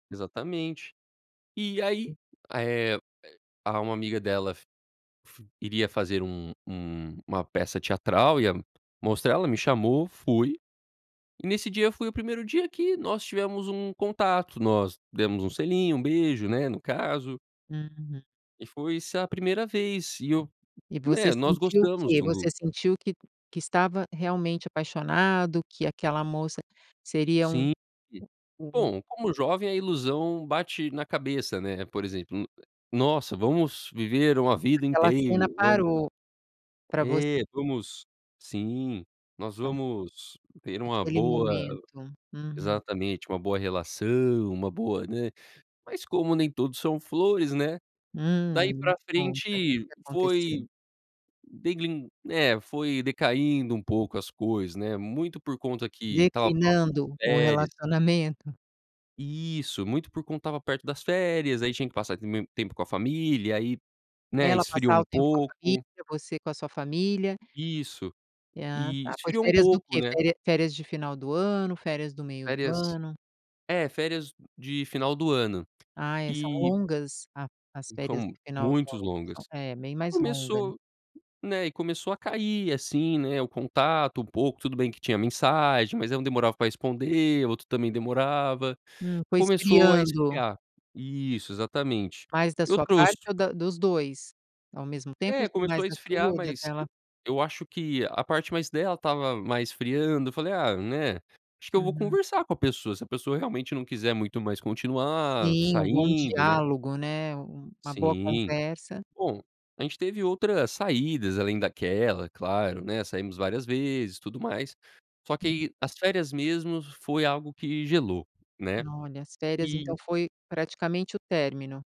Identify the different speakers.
Speaker 1: Exatamente. E, aí, eh eh, ah, uma amiga dela f f iria fazer um um uma peça teatral, ia mostrar, ela me chamou, fui, e nesse dia foi o primeiro dia que nós tivemos um contato, nós demos um selinho, um beijo, né, no caso.
Speaker 2: Uhum.
Speaker 1: E foi, sa a primeira vez e eu,
Speaker 2: E você
Speaker 1: né, nós
Speaker 2: sentiu o
Speaker 1: gostamos
Speaker 2: quê?
Speaker 1: um do
Speaker 2: Você sentiu que que estava realmente apaixonado? Que aquela moça seria um
Speaker 1: Sim, e
Speaker 2: u um
Speaker 1: bom, como jovem a ilusão bate na cabeça, né, por exemplo, nu "nossa, vamos viver uma vida
Speaker 2: Aquela
Speaker 1: inteira,
Speaker 2: cena
Speaker 1: vamos"
Speaker 2: parou pra você?
Speaker 1: é, vamos sim, nós
Speaker 2: Tá.
Speaker 1: vamos ter uma
Speaker 2: Aquele
Speaker 1: boa
Speaker 2: momento. Uhum.
Speaker 1: exatamente, uma boa relação, uma boa, né, mas como nem tudo são flores, né, daí
Speaker 2: Hum, me
Speaker 1: pra
Speaker 2: conta, o que
Speaker 1: frente
Speaker 2: que aconteceu?
Speaker 1: foi, degrin né, foi decaindo um pouco as coisas, né, muito por conta que estava próximo das
Speaker 2: Declinando o
Speaker 1: férias.
Speaker 2: relacionamento?
Speaker 1: Isso. Muito por conta estava perto das férias, aí tinha que passar u m tempo com a família, aí, né,
Speaker 2: Ela
Speaker 1: esfriou
Speaker 2: passar
Speaker 1: um
Speaker 2: o tempo com a família,
Speaker 1: pouco.
Speaker 2: você com a sua família.
Speaker 1: Isso
Speaker 2: Ah,
Speaker 1: e
Speaker 2: tá, foi
Speaker 1: esfriou um
Speaker 2: férias do
Speaker 1: pouco,
Speaker 2: quê?
Speaker 1: né?
Speaker 2: Feria férias de final do ano, férias do meio do
Speaker 1: Férias
Speaker 2: ano?
Speaker 1: é, férias de final do ano,
Speaker 2: Ah, é, são
Speaker 1: e
Speaker 2: longas a as
Speaker 1: Hum,
Speaker 2: férias do
Speaker 1: fomo
Speaker 2: final do
Speaker 1: muitos
Speaker 2: ano,
Speaker 1: longas.
Speaker 2: são é, bem mais longas, né.
Speaker 1: Começou né, e começou a cair, assim, né, o contato um pouco, tudo tudo bem que tinha mensagem, mas ela demorava pra responder, o outro também demorava,
Speaker 2: Hum, foi
Speaker 1: começou a
Speaker 2: esfriando.
Speaker 1: esfriar. Isso, exatamente.
Speaker 2: Mais da
Speaker 1: Eu
Speaker 2: sua
Speaker 1: trouxe
Speaker 2: parte ou da dos dois? Ao mesmo tempo
Speaker 1: É,
Speaker 2: ou
Speaker 1: começou
Speaker 2: mais
Speaker 1: a
Speaker 2: da sua
Speaker 1: esfriar,
Speaker 2: ou da
Speaker 1: mas eu
Speaker 2: dela?
Speaker 1: eu acho que a parte mais dela estava mais esfriando, eu falei: "Ah, né, acho que eu vou
Speaker 2: Uhum.
Speaker 1: conversar com a pessoa, se a pessoa realmente não quiser muito mais continuar
Speaker 2: Sim, um bom
Speaker 1: saindo, né".
Speaker 2: diálogo, né, um uma boa
Speaker 1: Sim.
Speaker 2: conversa.
Speaker 1: Bom, a gente teve outras saídas, além daquela, claro, né, saímos várias vezes e tudo mais, só que
Speaker 2: Uhum.
Speaker 1: aí as férias mesmo foi algo que gelou, né.
Speaker 2: Olha, as férias, então,
Speaker 1: E
Speaker 2: foi praticamente o término?